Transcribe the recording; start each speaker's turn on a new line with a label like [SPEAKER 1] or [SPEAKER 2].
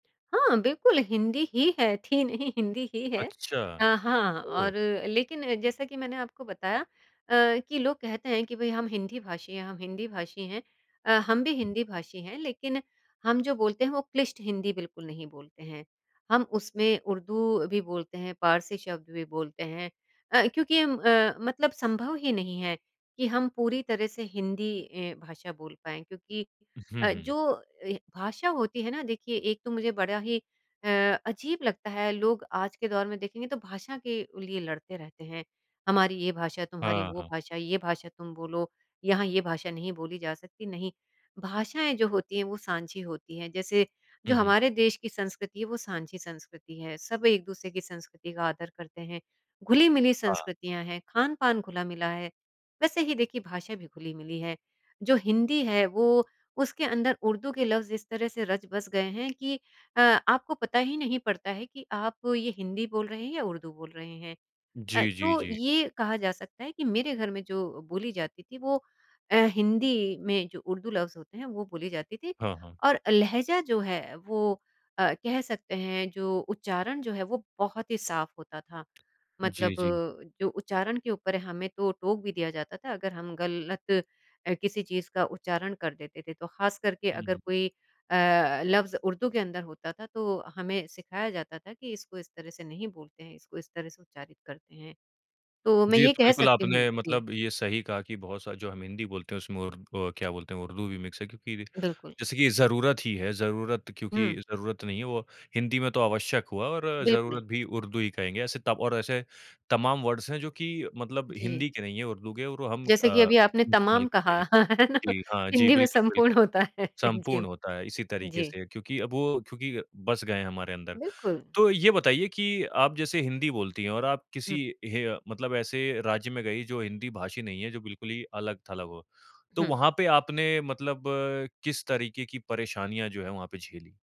[SPEAKER 1] हाँ, बिल्कुल, हिंदी ही है, थी नहीं हिंदी ही है।
[SPEAKER 2] अच्छा।
[SPEAKER 1] अ, हाँ
[SPEAKER 2] ओह!
[SPEAKER 1] और लेकिन जैसा कि मैंने आपको बताया अ, कि लोग कहते हैं कि भई हम हिंदी भाषी हैं, हम हिंदी भाषी हैं, अ, हम भी
[SPEAKER 2] हुँ।
[SPEAKER 1] हिंदी भाषी हैं लेकिन हम जो बोलते हैं वो क्लिष्ट हिंदी बिल्कुल नहीं बोलते हैं, हम उसमें उर्दू भी बोलते हैं, पारसी शब्द भी बोलते हैं। अ, क्योंकि हम अ, मतलब संभव ही नहीं है कि हम पूरी तरह से हिंदी ए, भाषा बोल पाएँ क्योंकि
[SPEAKER 2] हुँ,
[SPEAKER 1] अ,
[SPEAKER 2] हुँ।
[SPEAKER 1] जो ए, भाषा होती है ना देखिए एक तो मुझे बड़ा ही अ, अज़ीब लगता है लोग आज के दौर में देखेंगे तो भाषा के लिए लड़ते रहते हैं, हमारी ये भाषा, तुम्हारी
[SPEAKER 2] हाँ,
[SPEAKER 1] वो
[SPEAKER 2] हाँ।
[SPEAKER 1] भाषा, ये भाषा तुम बोलो, यहाँ ये भाषा नहीं बोली जा सकती, नहीं, भाषाएँ जो होती हैं वो साँझी होती हैं। जैसे जो
[SPEAKER 2] हुँ, हुँ।
[SPEAKER 1] हमारे देश की संस्कृति है, वो साँझी संस्कृति है, सब एक-दूसरे की संस्कृति का आदर करते हैं, घुली-मिली
[SPEAKER 2] हाँ।
[SPEAKER 1] संस्कृतियाँ हैं, खान-पान घुला-मिला है, वैसे ही देखिए भाषा भी घुली-मिली है। जो हिंदी है वो उसके अंदर उर्दू के लफ्ज़ इस तरह से रच-बस गए हैं कि अ, आपको पता ही नहीं पड़ता है कि आप ये हिंदी बोल रहे हैं या उर्दू बोल रहे हैं। अ,
[SPEAKER 2] जी, जी,
[SPEAKER 1] तो
[SPEAKER 2] जी।
[SPEAKER 1] ये कहा जा सकता है कि मेरे घर में जो बोली जाती थी वो अ, हिंदी में जो उर्दू लफ्ज़ होते हैं, वो बोली जाती थी
[SPEAKER 2] हाँ, हाँ।
[SPEAKER 1] और लहज़ा जो है वो अ, कह सकते हैं, जो उच्चारण जो है वो बहुत ही साफ़ होता था, मतलब
[SPEAKER 2] जी, जी।
[SPEAKER 1] जो उच्चारण के ऊपर हमें तो टोक भी दिया जाता था, अगर हम गलत अ, किसी चीज़ का उच्चारण कर देते थे, तो ख़ासकर के
[SPEAKER 2] हुँ,
[SPEAKER 1] अगर
[SPEAKER 2] हुँ।
[SPEAKER 1] कोई अ, लफ्ज़ उर्दू के अंदर होता था, तो हमें सिखाया जाता था कि इसको इस तरह से नहीं बोलते हैं, इसको इस तरह से उच्चारित करते हैं। तो मैं
[SPEAKER 2] जी, ये
[SPEAKER 1] ये
[SPEAKER 2] तो
[SPEAKER 1] कह
[SPEAKER 2] बिल्कुल
[SPEAKER 1] सकती हूँ,
[SPEAKER 2] आपने
[SPEAKER 1] जी।
[SPEAKER 2] मतलब ये सही कहा कि बहुत सा जो हम हिंदी बोलते हैं उसमें उर अ, क्या बोलते है उर्दू भी मिक्स है क्योंकि रे
[SPEAKER 1] बिल्कुल।
[SPEAKER 2] जैसे कि ज़रूरत ही है, ज़रूरत क्योंकि
[SPEAKER 1] हुँ।
[SPEAKER 2] ज़रूरत नहीं है वो हिंदी में तो आवश्यक हुआ और
[SPEAKER 1] बिल्कुल।
[SPEAKER 2] ज़रूरत भी उर्दू ही कहेंगे, ऐसे त और ऐसे तमाम वर्ड्स हैं जो कि मतलब
[SPEAKER 1] जी।
[SPEAKER 2] हिंदी के नहीं हैं, उर्दू के और वो हम अ,
[SPEAKER 1] जैसे कि अभी आपने
[SPEAKER 2] उसका इस्तेमाल
[SPEAKER 1] तमाम
[SPEAKER 2] करते हैं
[SPEAKER 1] कहा,
[SPEAKER 2] जी।
[SPEAKER 1] है ना?
[SPEAKER 2] जी, हाँ जी
[SPEAKER 1] हिंदी में
[SPEAKER 2] बिल्कुल,
[SPEAKER 1] संपूर्ण
[SPEAKER 2] बिल्कुल,
[SPEAKER 1] होता है जी।
[SPEAKER 2] सम्पूर्ण होता है इसी तरीके
[SPEAKER 1] जी।
[SPEAKER 2] से क्योंकि अब वो क्योंकि बस गए हैं हमारे अंदर।
[SPEAKER 1] बिल्कुल।
[SPEAKER 2] तो ये बताइए कि आप जैसे हिंदी बोलती हैं और आप किसी
[SPEAKER 1] हुँ।
[SPEAKER 2] हे अ, मतलब ऐसे राज्य में गई जो हिंदी भाषी नहीं है, जो बिल्कुल ही अलग-थलग हो, तो
[SPEAKER 1] हुँ।
[SPEAKER 2] वहाँ पे आपने मतलब किस तरीके की परेशानियाँ जो हैं वहाँ पे झेली?